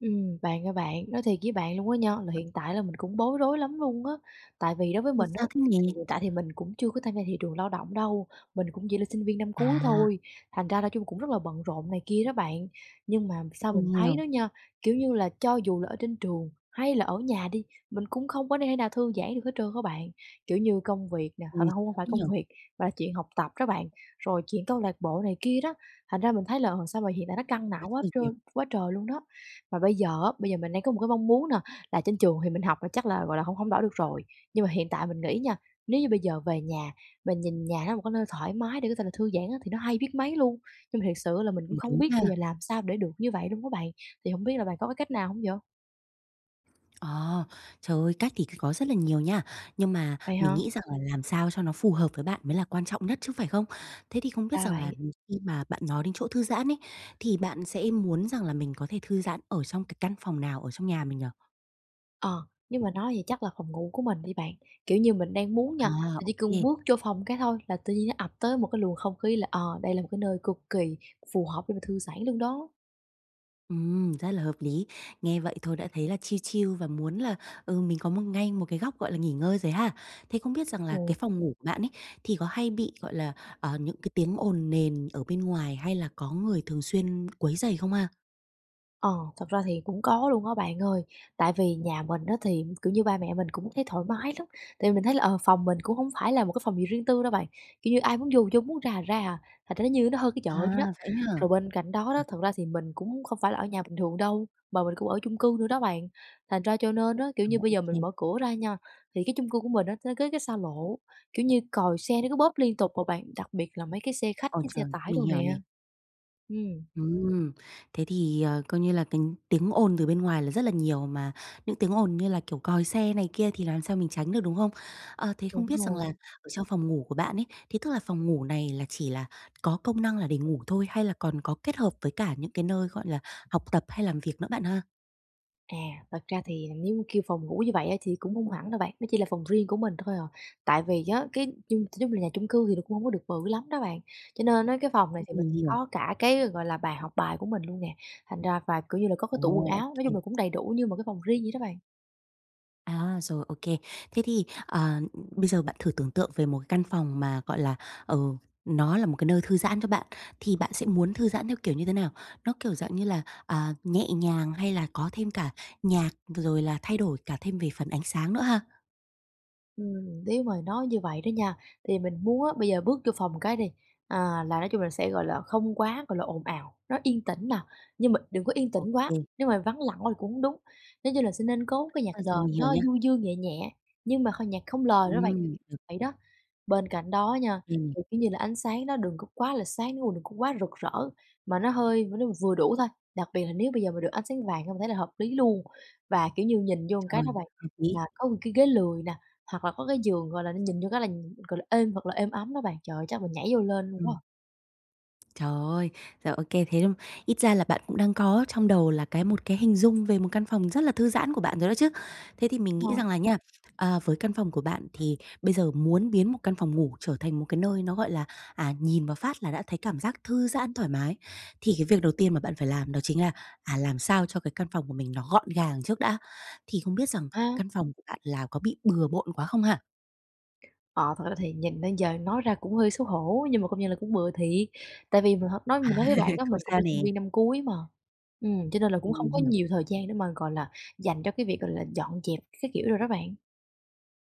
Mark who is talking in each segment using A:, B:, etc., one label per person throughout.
A: Ừm, bạn ơi bạn, nói thiệt với bạn luôn á nha, là hiện tại là mình cũng bối rối lắm luôn á. Tại vì đối với
B: Ôi,
A: mình á,
B: sao thế
A: thì
B: nhỉ?
A: hiện tại thì mình cũng chưa có tham gia thị trường lao động đâu, mình cũng chỉ là sinh viên năm cuối
B: À.
A: thôi, thành ra nói chung cũng rất là bận rộn này kia đó bạn. Nhưng mà sao mình
B: Mình
A: thấy
B: hiểu.
A: đó nha, kiểu như là, cho dù là ở trên trường hay là ở nhà đi, mình cũng không có thể nào thư giãn được hết trơn á bạn. Kiểu như công việc nè, thật
B: Ôi,
A: ra hông có
B: sao
A: phải
B: thế nhỉ?
A: công việc mà là chuyện học tập đó bạn, rồi chuyện câu lạc bộ này kia đó. Thành ra mình thấy là, ờ, sao mà hiện tại nó căng
B: Quá
A: não quá
B: trời việc.
A: trơn quá trời luôn đó. Mà bây giờ á, bây giờ mình đang có một cái mong muốn nà là trên trường thì mình học là chắc là, gọi là, hổng hổng đổi được rồi. Nhưng mà hiện tại mình nghĩ nha, nếu như bây giờ về nhà, mình nhìn nhà nó là một cái nơi thoải mái để có thể là thư giãn á thì nó hay biết mấy luôn. Nhưng mà thiệt sự là mình cũng
B: Ừm,
A: không
B: đúng
A: biết bây
B: ha.
A: giờ làm sao để được như vậy luôn á bạn? Thì hổng biết là bạn có cái cách nào hông dạ?
B: Ờ, trời ơi cách thì c có rất là nhiều nha. Nhưng mà
A: Vậy
B: mình
A: hả?
B: nghĩ rằng là làm sao cho nó phù hợp với bạn mới là quan trọng nhất chứ, phải không? Thế thì không biết
A: Ra
B: rằng là,
A: vậy.
B: ừ, khi mà bạn nói đến chỗ thư giãn ấy, thì bạn sẽ muốn rằng là mình có thể thư giãn ở trong cái căn phòng nào ở trong nhà mình nhỉ?
A: Ờ, nhưng mà nói vậy chắc là phòng ngủ của mình đi bạn, kiểu như mình đang muốn
B: À,
A: nha, mình
B: ô
A: chỉ
B: kê.
A: cần bước vô phòng cái thôi, là tự nhiên nó ập tới một cái luồng không khí là, ờ, đây là một cái nơi cực kỳ phù hợp để mà thư giãn luôn đó.
B: Ừm, rất là hợp lý. Nghe vậy thôi đã thấy là chill chill và muốn là, ừ, mình có một ngay một cái góc, gọi là, nghỉ ngơi rồi ha. Thế không biết
A: Đúng
B: rằng là cái
A: rồi.
B: phòng ngủ của bạn ấy, thì có hay bị, gọi là, ờ, những cái tiếng ồn nền ở bên ngoài hay là có người thường xuyên quấy rầy không ha?
A: Ờ, thật ra thì cũng có luôn á bạn ơi. Tại vì nhà mình á, thì, kiểu như, ba mẹ mình cũng thấy thoải mái lắm. Tại vì mình thấy là, ờ, phòng mình cũng không phải là một cái phòng gì riêng tư đâu bạn, kiểu như, ai muốn vô thì vô, muốn ra thì ra à, thành ra nó như nó hơn cái
B: À,
A: chợ vậy đó.
B: vậy ấy hả?
A: Rồi bên cạnh đó đó,
B: Trời!
A: thật ra thì mình cũng không phải là ở nhà bình thường đâu, mà mình cũng ở chung cư nữa đó bạn. Thành ra, cho nên á, kiểu
B: À,
A: như, bây
B: ô
A: giờ mình
B: kê.
A: mở cửa ra nha, thì cái chung cư của mình á, nó kế cái xa lộ, kiểu như, còi xe nó cứ bóp liên tục mà bạn, đặc biệt là mấy cái xe khách
B: Ôi
A: với xe
B: trời,
A: tải
B: mình
A: đồ
B: hiểu nè.
A: nè. Ừm.
B: Ừm, thì coi như là cái tiếng ồn từ bên ngoài là rất là nhiều mà, những tiếng ồn như là, kiểu, còi xe này kia thì làm sao mình tránh được, đúng không? À, thế không
A: Đúng
B: biết rằng là
A: rồi.
B: ở trong phòng ngủ của bạn ấy, thế tức là phòng ngủ này là chỉ là có công năng là để ngủ thôi hay là còn có kết hợp với cả những cái nơi, gọi là, học tập hay làm việc nữa bạn ha?
A: À, thật ra thì nếu kêu phòng ngủ như vậy á thì cũng hông hẳn đâu bạn, nó chỉ là phòng riêng của mình thôi à. Tại vì á, cái chung t nếu mà nhà chung cư thì là cũng hông có được bự lắm đó bạn. Cho nên á cái phòng này
B: Ừm,
A: thì mình
B: mình hiểu.
A: có cả cái, gọi là, bàn học bài của mình luôn nè, thành ra và kiểu như là có cái
B: Ồ,
A: tủ quần
B: ô
A: áo. Nói
B: kê.
A: chung là cũng đầy đủ như một cái phòng riêng vậy đó bạn.
B: À, rồi, ô kê. Thế thì, ờ, bây giờ bạn thử tưởng tượng về một căn phòng mà, gọi là, ờ, nó là một cái nơi thư giãn cho bạn, thì bạn sẽ muốn thư giãn theo kiểu như thế nào? Nó kiểu dạng như là, à, nhẹ nhàng hay là có thêm cả nhạc, rồi là thay đổi cả thêm về phần ánh sáng nữa ha?
A: Ừm, nếu mà nói như vậy đó nha, thì mình muốn á, bây giờ bước vô phòng cái đi, à, là nói chung là sẽ, gọi là, không quá, gọi là, ồn ào, nó yên tĩnh nè. Nhưng mà đừng có yên
B: Ô
A: tĩnh quá,
B: kê.
A: nếu mà vắng lặng quá thì cũng hông đúng. Nó như là sẽ nên có cái nhạc
B: À
A: nền
B: rồi, mình hiểu
A: nó
B: nha.
A: du dương nhẹ nhẹ, nhưng mà kh nhạc không lời đó bạn,
B: Ừm.
A: [unintelligible] vậy đó. Bên cạnh đó nha,
B: Ừm.
A: thì, kiểu như là, ánh sáng nó đừng có quá là sáng, nếu mà đừng có quá rực rỡ, mà nó hơi nó vừa đủ thôi. Đặc biệt là nếu bây giờ mà được ánh sáng vàng hông thấy là hợp lý luôn. Và, kiểu như, nhìn vô cái
B: Trời,
A: đó bạn,
B: hợp lý.
A: mà có một cái ghế lười nè, hoặc là có cái giường, gọi là, nó nhìn vô cái là nh gọi là, êm, thật là êm ấm đó bạn. Trời ơi, chắc mình nhảy vô lên luôn
B: Ừm.
A: quá.
B: Trời ơi! Rồi, ô kê, thế ừm, ít ra là bạn cũng đang có trong đầu là cái một cái hình dung về một căn phòng rất là thư giãn của bạn rồi đó chứ. Thế thì mình nghĩ
A: Ờ.
B: rằng là nha, ờ, với căn phòng của bạn thì bây giờ muốn biến một căn phòng ngủ trở thành một cái nơi nó, gọi là, à, nhìn vào phát là đã thấy cảm giác thư giãn, thoải mái, thì cái việc đầu tiên mà bạn phải làm đó chính là, à, làm sao cho cái căn phòng của mình nó gọn gàng trước đã. Thì không biết rằng
A: A.
B: căn phòng của bạn là có bị bừa bộn quá không ha?
A: Ờ, thật ra thì nhìn nên giờ nói ra cũng hơi xấu hổ, nhưng mà công nhận là cũng bừa thiệt. Tại vì mình h nói
B: À.
A: mình nói với bạn á
B: Không
A: mình cũng
B: sao
A: là
B: nè.
A: sinh viên năm cuối mà, ừm, cho nên là cũng
B: Ừm,
A: không có
B: hiểu.
A: nhiều thời gian để mà, gọi là, dành cho cái việc, gọi là, dọn dẹp các kiểu đồ đó bạn.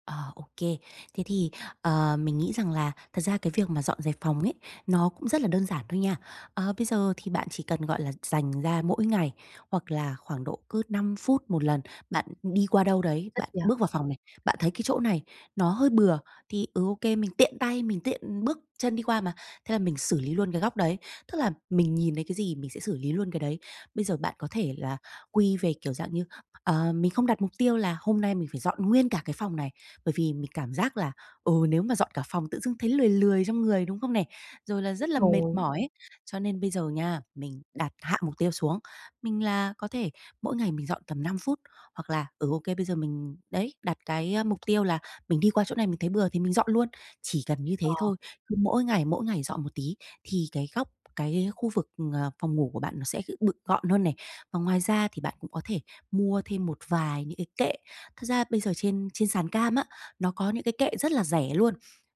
B: Ờ, ô kê. Thế thì, ờ, mình nghĩ rằng là thật ra cái việc mà dọn dẹp phòng ấy, nó cũng rất là đơn giản thôi nha. Ờ, bây giờ thì bạn chỉ cần, gọi là, dành ra mỗi ngày, hoặc là khoảng độ cứ 5 phút một lần, bạn đi qua đâu đấy,
A: Ít
B: bạn
A: vậy.
B: bước vào phòng này, bạn thấy cái chỗ này nó hơi bừa, thì, ừ, ô kê, mình tiện tay, mình tiện bước chân đi qua mà, thế là mình xử lý luôn cái góc đấy. Tức là mình nhìn thấy cái gì mình sẽ xử lý luôn cái đấy. Bây giờ bạn có thể là quy về kiểu dạng như, ờ, mình không đặt mục tiêu là hôm nay mình phải dọn nguyên cả cái phòng này, bởi vì mình cảm giác là, ừ, nếu mà dọn cả phòng tự dưng thấy lười lười trong người, đúng không này? Rồi là rất
A: Đúng
B: là mệt
A: rồi.
B: mỏi ấy, cho nên bây giờ nha, mình đặt hạ mục tiêu xuống. Mình là có thể mỗi ngày mình dọn tầm 5 phút, hoặc là, ừ, ô kê, bây giờ mình đấy, đặt cái mục tiêu là mình đi qua chỗ này mình thấy bừa thì mình dọn luôn. Chỉ cần như thế
A: Ờ.
B: thôi, cứ mỗi ngày, mỗi ngày dọn một tí, thì cái góc, cái khu vực, ờ, phòng ngủ của bạn nó sẽ kiểu bực gọn hơn này. Và ngoài ra thì bạn cũng có thể mua thêm một vài những cái kệ. Thật ra bây giờ trên trên sàn cam á, nó có những cái kệ rất là rẻ luôn.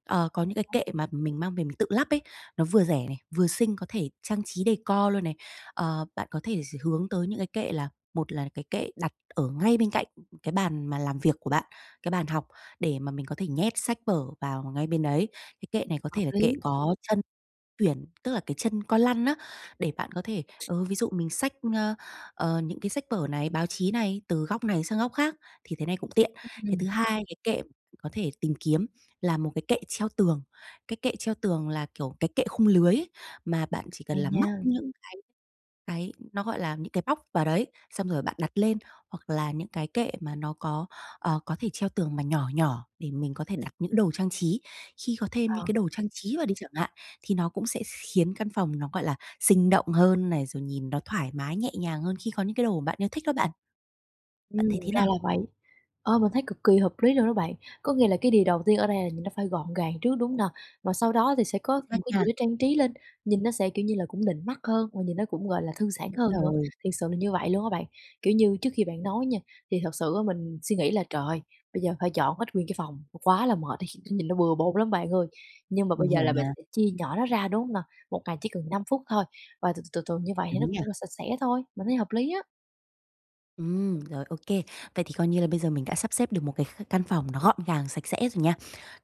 B: Ờ, có những cái
A: [unintelligible]
B: kệ mà mình mang về mình tự lắp ấy, nó vừa rẻ này, vừa xinh, có thể trang trí decor luôn này. Ờ, bạn có thể sẽ hướng tới những cái kệ là một là cái kệ đặt ở ngay bên cạnh cái bàn mà làm việc của bạn, cái bàn học để mà mình có thể nhét sách vở vào ngay bên đấy. Cái kệ này có
A: Hợp
B: thể là
A: lý.
B: kệ có chân tuyển, tức là cái chân con lăn á, để bạn có thể ừ, ví dụ mình xách, ờ, ờ những cái sách vở này, báo chí này, từ góc này sang góc khác, thì thế này cũng tiện.
A: Ừm,
B: Cái
A: ừm.
B: thứ hai cái kệ có thể tìm kiếm là một cái kệ treo tường. Cái kệ treo tường là, kiểu, cái kệ khung lưới ấy, mà bạn chỉ cần
A: Hay
B: là móc
A: nha.
B: những cái cái nó, gọi là, những cái móc vào đấy, xong rồi bạn đặt lên, hoặc là những cái kệ mà nó có, ờ, có thể treo tường mà nhỏ nhỏ để mình có thể đặt những đồ trang trí. Khi có thêm những
A: Ờ.
B: cái đồ trang trí vào đi chẳng hạn, thì nó cũng sẽ khiến căn phòng nó, gọi là, sinh động hơn này, rồi nhìn nó thoải mái, nhẹ nhàng hơn khi có những cái đồ bạn yêu thích đó bạn.
A: Ừm,
B: Bạn thấy thế
A: ra
B: nào?
A: là vậy. Ờ, mình thấy cực kỳ hợp lý luôn đó bạn. Có nghĩa là cái điều đầu tiên ở đây là nhìn nó phải gọn gàng trước, đúng hông nà? Mà sau đó thì sẽ có
B: Chính xác
A: một cái
B: nha.
A: gì đó trang trí lên, nhìn nó sẽ, kiểu như là, cũng nịnh mắt hơn và nhìn nó cũng, gọi là, thư giãn hơn
B: Đúng
A: nữa.
B: rồi.
A: Thiệt sự là như vậy luôn á bạn. Kiểu như trước khi bạn nói nha, thì thật sự á mình suy nghĩ là, trời ơi, bây giờ phải dọn hết nguyên cái phòng, quá là mệt đi, nhìn nó bừa bộn lắm bạn ơi. Nhưng mà
B: Mình
A: bây giờ
B: hiểu
A: là mình
B: mà.
A: sẽ chia nhỏ nó ra, đúng hông nà? 1 ngày chỉ cần 5 phút thôi và từ từ từ từ như vậy thì nó
B: Đúng nhỉ?
A: cũng là sạch sẽ thôi, mình thấy hợp lý á.
B: Ừm, rồi, ô kê. Vậy thì coi như là bây giờ mình đã sắp xếp được một cái kh căn phòng nó gọn gàng, sạch sẽ rồi nha.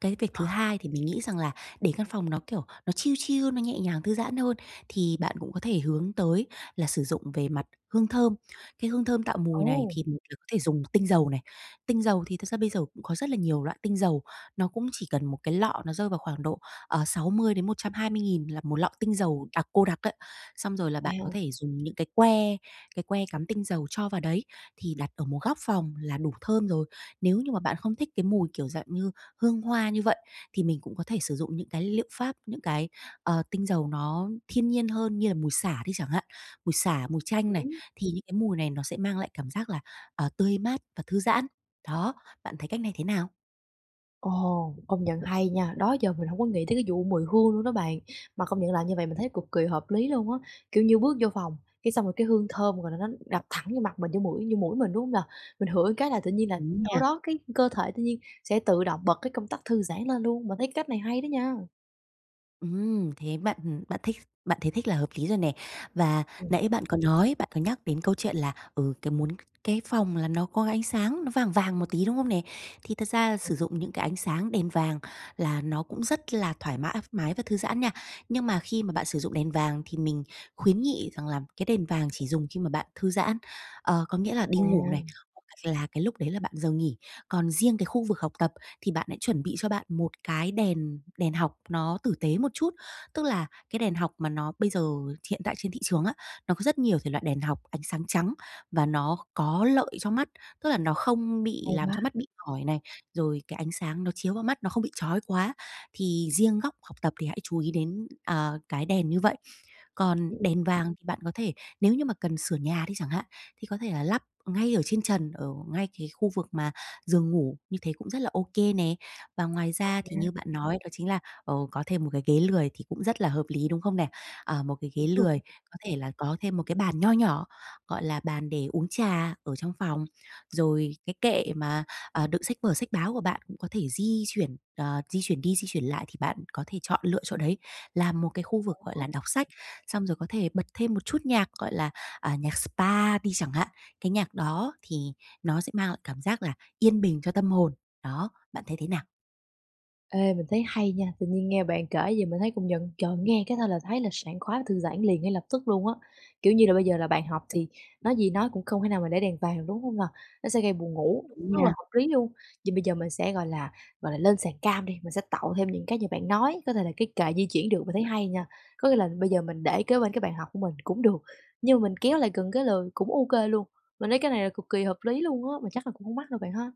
B: Cái việc thứ
A: Ờ.
B: hai thì mình nghĩ rằng là để căn phòng nó, kiểu, nó chill chill, nó nhẹ nhàng, thư giãn hơn thì bạn cũng có thể hướng tới là sử dụng về mặt hương thơm. Cái hương thơm tạo mùi này
A: Ô!
B: thì [unintelligible] có thể dùng tinh dầu này. Tinh dầu thì thực ra bây giờ cũng có rất là nhiều loại tinh dầu, nó cũng chỉ cần một cái lọ, nó rơi vào khoảng độ, ờ, 60.000 đến 120.000 là một lọ tinh dầu đặc, cô đặc ấy. Xong rồi là bạn có
A: Wow.
B: thể dùng những cái que, cái que cắm tinh dầu cho vào đấy, thì đặt ở một góc phòng là đủ thơm rồi. Nếu như mà bạn không thích cái mùi, kiểu, dạng như hương hoa như vậy, thì mình cũng có thể sử dụng những cái liệu pháp, những cái, ờ, tinh dầu nó thiên nhiên hơn như là mùi sả đi chẳng hạn. Mùi sả, mùi chanh này,
A: [unintelligible]
B: thì những cái mùi này nó sẽ mang lại cảm giác là, à, tươi mát và thư giãn. Đó, bạn thấy cách này thế nào?
A: Ồ, công nhận hay nha, đó giờ mình hông có nghĩ tới cái vụ mùi hương luôn đó bạn. Mà công nhận làm như vậy mình thấy cực kỳ hợp lý luôn á. Kiểu như bước vô phòng, cái xong rồi cái hương thơm, gọi là, nó đập thẳng vô mặt mình, vô mũi vô mũi mình, đúng hông nà? Mình ngửi một cái là tự nhiên là
B: Đúng
A: sau
B: nha.
A: đó cái cơ thể tự nhiên sẽ tự động bật cái công tắc thư giãn lên luôn. Mình thấy cái cách này hay đó nha.
B: Ừm, thế bạn ừm, bạn thích bạn thấy thích là hợp lý rồi nè. Và
A: Ừ.
B: nãy bạn có nói, bạn có nhắc đến câu chuyện là, ừ, cái muốn cái phòng là nó có ánh sáng, nó vàng vàng một tí, đúng không nè? Thì thật
A: [unintelligible]
B: ra
A: Ừ.
B: sử dụng những cái ánh sáng đèn vàng là nó cũng rất là thoải mã mái và thư giãn nha. Nhưng mà khi mà bạn sử dụng đèn vàng thì mình khuyến nghị rằng là cái đèn vàng chỉ dùng khi mà bạn thư giãn, ờ, có nghĩa là
A: À.
B: đi ngủ này, [unintelligible] hoặc là cái lúc đấy là bạn giờ nghỉ. Còn riêng cái khu vực học tập thì bạn hãy chuẩn bị cho bạn một cái đèn đèn học nó tử tế một chút. Tức là cái đèn học mà nó bây giờ hiện tại trên thị trường á, nó có rất nhiều thể loại đèn học ánh sáng trắng và nó có lợi cho mắt, tức là nó không bị
A: Ồn
B: làm
A: á.
B: cho mắt bị mỏi này, rồi cái ánh sáng nó chiếu vào mắt, nó không bị chói quá. Thì riêng góc học tập thì hãy chú ý đến, ờ, cái đèn như vậy. Còn
A: Ừ, ừ.
B: đèn vàng thì bạn có thể nếu như mà cần sửa nhà đi chẳng hạn, thì có thể là lắp ngay ở trên trần, ở ngay cái khu vực mà giường ngủ như thế cũng rất là ô kê nè. Và ngoài
A: [unintelligible]
B: ra thì
A: Nha.
B: như bạn nói đó chính là, ờ, có thêm 1 cái ghế lười thì cũng rất là hợp lý, đúng không nè? Ờ, 1 cái ghế
A: Đúng rồi.
B: lười có thể là có thêm 1 cái bàn nho nhỏ, gọi là, bàn để uống trà ở trong phòng. Rồi cái kệ mà, ờ, đựng sách vở, sách báo của bạn cũng có thể di chuyển, ờ, di chuyển đi di chuyển lại thì bạn có thể chọn lựa chỗ đấy làm một cái khu vực, gọi
A: [unintelligible]
B: là, đọc sách, xong rồi có thể bật thêm một chút nhạc, gọi là, à, nhạc spa đi chẳng hạn. Cái nhạc đó thì nó sẽ mang lại cảm giác là yên bình cho tâm hồn. Đó, bạn thấy thế nào?
A: Ê, mình thấy hay nha. Tự nhiên nghe bạn kể vậy mình thấy công nhận, trời, nghe cái thôi là thấy là sảng khoái thư giãn liền ngay lập tức luôn á. Kiểu như là, bây giờ là bàn học thì nói gì nói cũng không thể nào mà để đèn vàng được, đúng hông nè? Nó sẽ gây buồn ngủ,
B: Đúng
A: rất là
B: nha.
A: hợp lý luôn. Vậy bây giờ mình sẽ, gọi là, gọi là, lên sàn cam đi, mình sẽ tậu thêm những cái như bạn nói, có thể là cái kệ di chuyển được mình thấy hay nha. Có nghĩa là bây giờ mình để kế bên cái bàn học của mình cũng được, nhưng mà mình kéo lại gần ghế lười cũng OK luôn. Mình thấy cái này là cực kỳ hợp lý luôn á, mà chắc là cũng hông mắc đâu bạn ha?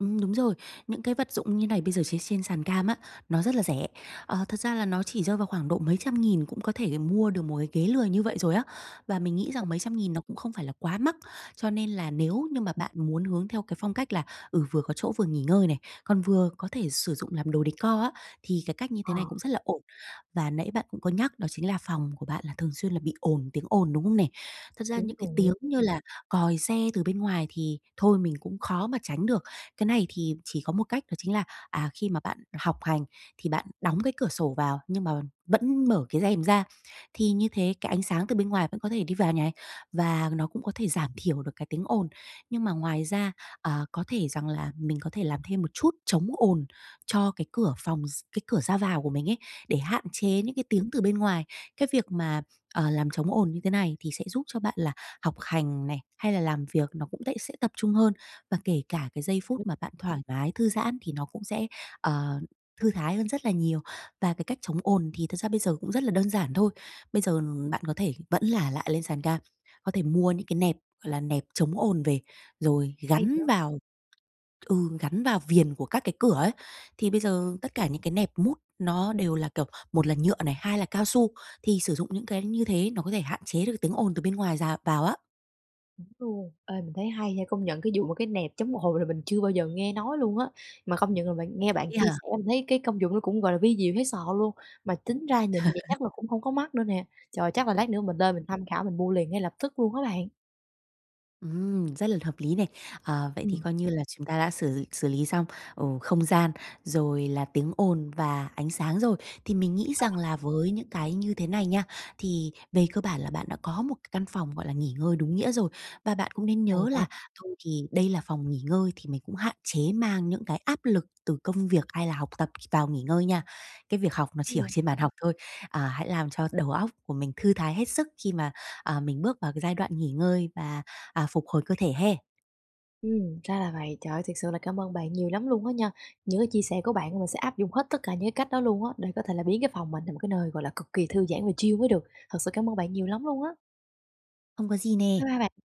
B: Ừm, đúng rồi. Những cái vật dụng như này bây giờ chế x trên sàn cam á, nó rất là rẻ. Ờ, thật ra là nó chỉ rơi vào khoảng độ mấy trăm nghìn cũng có thể mua được một cái ghế lười như vậy rồi á. Và mình nghĩ
A: À.
B: rằng mấy trăm nghìn nó cũng không phải là quá mắc, cho nên là nếu như mà bạn muốn hướng theo cái phong cách là, ừ, vừa có chỗ vừa nghỉ ngơi này, còn vừa có thể sử dụng làm đồ decor á, thì cái cách như thế
A: Ờ.
B: này cũng rất là ổn. Và nãy bạn cũng có nhắc đó chính là phòng của bạn là thường xuyên là bị ổn tiếng ồn, đúng không nè? Thật ra
A: Đúng
B: những cái
A: rồi.
B: tiếng như là còi xe từ bên ngoài thì thôi mình cũng khó mà tránh được. Cái này thì chỉ có một cách đó chính là, à, khi mà bạn học hành thì bạn đóng cái cửa sổ vào nhưng mà vẫn mở cái rèm ra thì như thế cái ánh sáng từ bên ngoài vẫn có thể đi vào nh này, và nó cũng có thể giảm thiểu được cái tiếng ồn. Nhưng mà ngoài ra, à, có thể rằng là mình có thể làm thêm một chút chống ồn cho cái cửa phòng, x cái cửa ra vào của mình ấy, để hạn
A: [unintelligible]
B: chế những cái tiếng từ bên ngoài. Cái việc mà, ờ, làm chống ồn như thế này thì sẽ giúp cho bạn là học hành này, hay là làm việc nó cũng tẽ sẽ tập trung hơn. Và kể cả cái giây phút
A: Ừm.
B: mà bạn thoải mái thư giãn thì nó cũng sẽ, ờ, thư thái hơn rất là nhiều. Và cái cách chống ồn thì thật ra bây giờ cũng rất là đơn giản thôi. Bây giờ, ừm, bạn có thể vẫn là lại lên sàn cam, có thể mua những cái nẹp, gọi là, nẹp chống ồn về rồi
A: Hay
B: gắn
A: vậy.
B: vào ừ, gắn vào viền của các cái cửa ấy. Thì bây giờ tất cả những cái nẹp mút nó đều là, kiểu, một là nhựa này, hai là cao su, thì sử dụng những cái như thế nó có thể hạn chế được tiếng ồn từ bên ngoài dào vào á.
A: Đúng luôn, ê, mình thấy hay nha, công nhận cái vụ mà cái nẹp chống ồn là mình chưa bao giờ nghe nói luôn á, mà công nhận là bạn nghe
B: Vậy
A: bạn
B: ấy
A: chia
B: hả?
A: sẻ mình thấy cái công dụng nó cũng, gọi là, vi diệu thấy sợ luôn, mà tính ra nhìn vậy chắc là cũng không có mắc nữa nè. Trời, chắc là lát nữa mình lên mình tham khảo mình mua liền ngay lập tức luôn á bạn.
B: Ừm, rất là hợp lý này! Ờ, vậy thì
A: Ừm.
B: coi như là chúng ta đã xử xử lý xong, ồ, không gian, rồi là tiếng ồn và ánh sáng rồi, thì mình nghĩ
A: Ờ.
B: rằng là với những cái như thế này nha, thì về cơ bản là bạn đã có một cái căn phòng, gọi là, nghỉ ngơi đúng nghĩa rồi. Và bạn cũng nên
A: Hay
B: nhớ
A: quá!
B: là thôi thì đây là phòng nghỉ ngơi thì mình cũng hạn chế mang những cái áp lực từ công việc hay là học tập vào nghỉ ngơi nha. Cái việc học nó chỉ ở
A: Ừm.
B: trên bàn học thôi, à, hãy làm cho đầu óc của mình thư thái hết sức khi mà, à, mình bước vào cái giai đoạn nghỉ ngơi và, à, phục hồi cơ thể ha.
A: Ừm, ra là vậy. Trời ơi, thiệt sự là cảm ơn bạn nhiều lắm luôn á nha, những cái chia sẻ của bạn mình sẽ áp dụng hết tất cả những cái cách đó luôn á, để có thể là biến cái phòng mình thành một cái nơi, gọi là, cực kỳ thư giãn và chill mới được, thật sự cảm ơn bạn nhiều lắm luôn á.
B: Không có gì
A: Bye
B: nè.
A: bye bạn.